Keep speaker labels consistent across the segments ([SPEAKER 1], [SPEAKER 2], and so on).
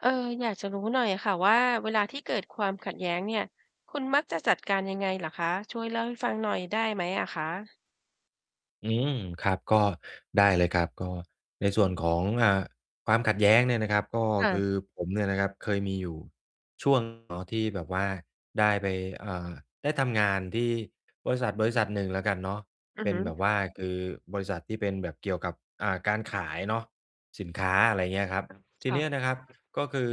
[SPEAKER 1] เออ อยากจะรู้หน่อยค่ะว่า เวลาที่เกิดความขัดแย้งเนี่ย คุณมัก จะจัดการยังไงเหรอคะ? ช่วยเล่าให้ฟังหน่อยได้ไหมอะคะ?
[SPEAKER 2] อืม ครับ ก็ได้เลยครับ ก็ในส่วนของ อ่า ความขัดแย้งเนี่ยนะครับ ก็
[SPEAKER 1] ค่
[SPEAKER 2] ค
[SPEAKER 1] ะ
[SPEAKER 2] ือผมเนี่ยนะครับ เคยมีอยู่ ช่วง เนาะ ที่แบบว่าได้ไป เอ่อ ได้ทำงานที่ บริษัท บริษัทหนึ่งแล้วกันเนาะ
[SPEAKER 1] อื
[SPEAKER 2] เป
[SPEAKER 1] อ
[SPEAKER 2] ็
[SPEAKER 1] ฮ
[SPEAKER 2] น
[SPEAKER 1] ึ
[SPEAKER 2] แบบว่า คือบริษัทที่เป็นแบบเกี่ยวกับ อ่า การขายเนาะ สินค้า อะไรอย่างเงี้ยครับ ที
[SPEAKER 1] ค่
[SPEAKER 2] เ
[SPEAKER 1] ะ
[SPEAKER 2] นี้ยนะครับ ก็คือ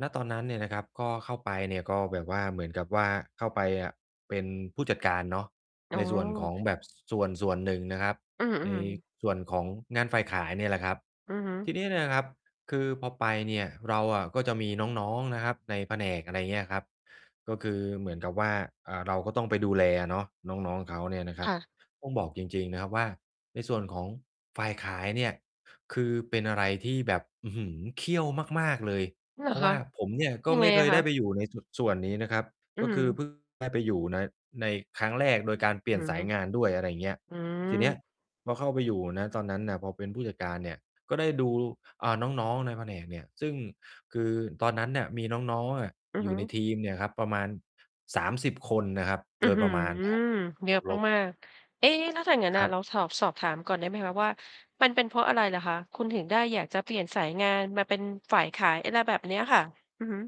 [SPEAKER 2] ณ ตอนนั้นเนี่ยนะครับ ก็เข้าไปเนี่ย ก็แบบว่าเหมือนกับว่าเข้าไปอะ เป็นผู้จัดการเนาะ
[SPEAKER 1] อ๋
[SPEAKER 2] ใ
[SPEAKER 1] อ
[SPEAKER 2] นส่วนของแบบ ซ ส่วนส่วนหนึ่งนะครับ
[SPEAKER 1] อื
[SPEAKER 2] ใน
[SPEAKER 1] อ ๆ
[SPEAKER 2] ส่วนของงานฝ่ายขายเนี่ยแหละครับ
[SPEAKER 1] อือฮึ
[SPEAKER 2] ทีนี้เนี่ยนะครับ คือพอไปเนี่ย เราอะก็จะมีน้อง ๆ นะครับในแผนก อะไรอย่างเงี้ยครับ ก็คือเหมือนกับว่า อ่า เราก็ต้องไปดูแลอะเนาะ น้อง ๆ เขาเนี่ยนะคร
[SPEAKER 1] ค
[SPEAKER 2] ับ
[SPEAKER 1] ่ะ
[SPEAKER 2] ต้องบอกจริง ๆ นะครับว่า ในส่วนของฝ่ายขายเนี่ย คือเป็นอะไรที่แบบ อื้อฮือ เขี้ยวมาก ๆ เลย
[SPEAKER 1] เหร
[SPEAKER 2] เพ
[SPEAKER 1] อ
[SPEAKER 2] ราะ
[SPEAKER 1] ค
[SPEAKER 2] ว่
[SPEAKER 1] ะ?
[SPEAKER 2] าผมเนี่ย ก็
[SPEAKER 1] ยัง
[SPEAKER 2] ไ
[SPEAKER 1] ไ
[SPEAKER 2] ม
[SPEAKER 1] ง
[SPEAKER 2] ่เคย
[SPEAKER 1] ค
[SPEAKER 2] ได้
[SPEAKER 1] ะ?
[SPEAKER 2] ไปอยู่ในจุดส่วนนี้นะครับ
[SPEAKER 1] อื
[SPEAKER 2] ก
[SPEAKER 1] อ
[SPEAKER 2] ็
[SPEAKER 1] ฮ
[SPEAKER 2] ค
[SPEAKER 1] ึ
[SPEAKER 2] ือ เพิ่ง ได้ไปอยู่ ใน ในครั้งแรก โดยการเปลี่
[SPEAKER 1] อ
[SPEAKER 2] ย
[SPEAKER 1] ื
[SPEAKER 2] น
[SPEAKER 1] อ
[SPEAKER 2] ส
[SPEAKER 1] ฮ
[SPEAKER 2] า
[SPEAKER 1] ึ
[SPEAKER 2] ยงานด้วย อะไรอย่างเงี้ย
[SPEAKER 1] อื
[SPEAKER 2] ทีเนี้ย
[SPEAKER 1] อ
[SPEAKER 2] พอเข้าไปอยู่ ณ ตอนนั้นน่ะ พอเป็นผู้จัดการเนี่ย ก็ได้ดู อ่า น้อง ๆ ในแผนกเนี่ย ซึ่ง คือตอนนั้นเนี่ย มีน้อง ๆ อะ
[SPEAKER 1] อื
[SPEAKER 2] อ
[SPEAKER 1] อ
[SPEAKER 2] ยู
[SPEAKER 1] ฮ
[SPEAKER 2] ่
[SPEAKER 1] ึ
[SPEAKER 2] ในทีมเนี่ยครับ ประมาณ 30 คนนะครับ
[SPEAKER 1] อื้
[SPEAKER 2] โด
[SPEAKER 1] อ
[SPEAKER 2] ย
[SPEAKER 1] ฮ
[SPEAKER 2] ป
[SPEAKER 1] ื
[SPEAKER 2] ระ
[SPEAKER 1] อ
[SPEAKER 2] มาณ นะครับ
[SPEAKER 1] เย
[SPEAKER 2] บ
[SPEAKER 1] อ
[SPEAKER 2] ว
[SPEAKER 1] ะ
[SPEAKER 2] กลบ
[SPEAKER 1] มาก ๆ เอ๊! แล้วถ้าอย่างงั้น
[SPEAKER 2] ค
[SPEAKER 1] น่
[SPEAKER 2] รั
[SPEAKER 1] ะ
[SPEAKER 2] บ
[SPEAKER 1] เราฉอบ สอบถามก่อนได้ไหมคะว่า มันเป็นเพราะอะไรเหรอคะ คุณถึงได้อยากจะ เปลี่ยนสายงานมาเป็นฝ่ายขาย อะไรแบบเนี้ยค่ะ? อือฮึ